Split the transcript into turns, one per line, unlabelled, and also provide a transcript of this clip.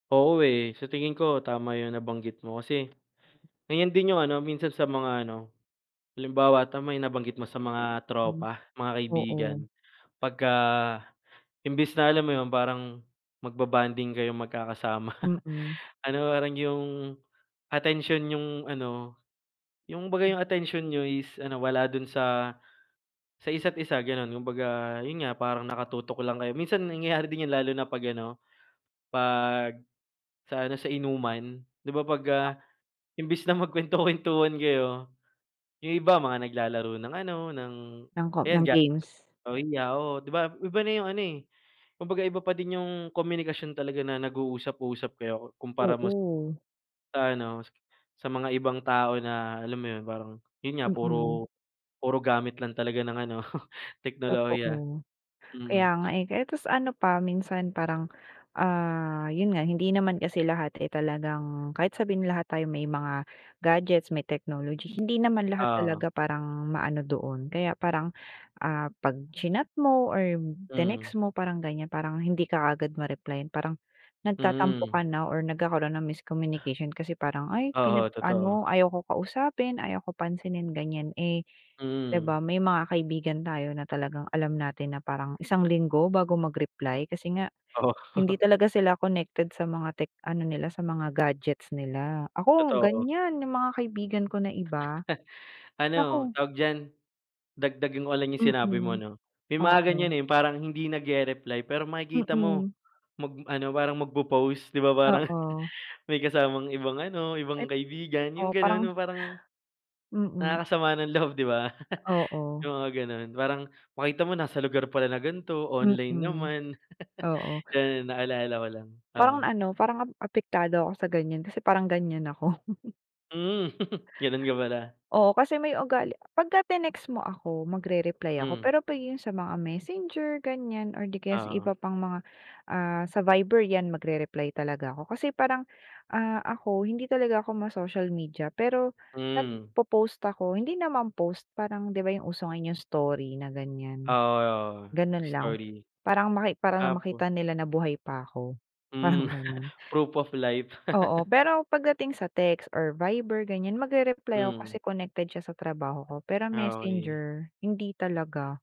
Oo, eh, sa tingin ko tama 'yong nabanggit mo kasi, ganyan din 'yong ano minsan sa mga ano. Halimbawa, tama yung nabanggit mo sa mga
Hmm.
tropa, mga kaibigan
Oo.
pagka, imbis na alam mo 'yon parang mag-ba-bonding kayong magkakasama
Mm.
ano parang 'yong, atensyon niyong ano, 'yong kumbaga
M
'yong atensyon niyo is ano wala do'n sa, sa isa't isa gano'n. Kumbaga 'yun nga parang nakatutok lang kayo, minsan nangyayari din 'yun lalo na 'pag ano, 'pag sa ano sa inuman 'di ba, 'pag,
Ah.
ah, imbis na magkuwento-kwentuhan kayo yung iba mga naglalaro ng ano ng
Ng ko
ayan
ng
ga
games.
o 'di ako 'di ba iba na yung ano, eh, kumbaga iba pa din yung komunikasyon talaga na nag-uusap-usap kayo kumpara mo
Oo.
sa ano sa mga ibang tao na alam mo 'yun parang 'yun nga
Mm.
puro, puro gamit lang talaga ng ano teknolohiya
Totoo. Kaya
mm.
nga, eh, kaya ta's ano pa minsan parang, ah, 'yun nga hindi naman kasi lahat, eh, talagang kahit sabihin lahat tayo may mga gadgets, may technology, hindi naman lahat
Oo.
talaga parang maano doon. Kaya parang, ah, pag-chinat mo or
Mhm.
tinext mo parang ganyan, parang hindi ka kaagad ma-replayan parang nagtatampo
Hmm.
ka na or nagkakaroon ng miscommunication kasi parang, "Ay,
Oo, totoo.
pinag-ano ayaw ko kausapin, ayoko pansinin." Ganyan, eh, 'di ba
Mm.
may mga kaibigan tayo na talagang alam natin na parang isang linggo bago mag-reply kasi nga hindi
Oo.
talaga sila connected sa mga tech ano nila, sa mga gadgets nila. Ako
Totoo.
ganyan yung mga kaibigan ko na iba.
Ano,
Naku!
tawag diyan? Dagdagan ko lang yung sinabi mo
Mm.
'no, may mga
Oo.
ganyan, eh, yung parang hindi nag-re-reply pero makikita mo,
Mm.
mag ano parang mag-po-post 'di ba, parang
Oo.
may kasamang ibang ano,
Ay!
ibang kaibigan yung
Oo
gano'n
parang
yung parang,
Mm.
nakakasama ng loob 'di ba?
Oo.
Yung mga gano'n parang makita mo nasa lugar pala na ganto, online
Mm.
naman.
Oo.
Yan naalala ko lang,
Parang
oo.
ano, parang ap apektado ako sa ganyan kasi parang ganyan ako.
Hmm. Gano'n ka pala.
Oo kasi may ugali pagka-tinext mo ako magrereply ako
Hmm.
pero pag 'yun sa mga Messenger ganyan or di kaya sa
Oo.
iba pang mga, ah, sa Viber yan magrereply talaga ako kasi parang, ah, ako hindi talaga ako ma-social media pero
Hmm.
nag-popost ako hindi naman post parang 'di ba yung uso ngayon story na ganyan.
Oo, oo
Gano'n lang,
story.
parang maki para lang
Opo.
makita nila na buhay pa ako, parang
Hmm,
gano'n.
proof of life.
Oo, pero pagdating sa text or Viber ganyan magrereply ako
Hmm.
kasi connected siya sa trabaho ko, pero
Ah, okey.
Messenger hindi talaga.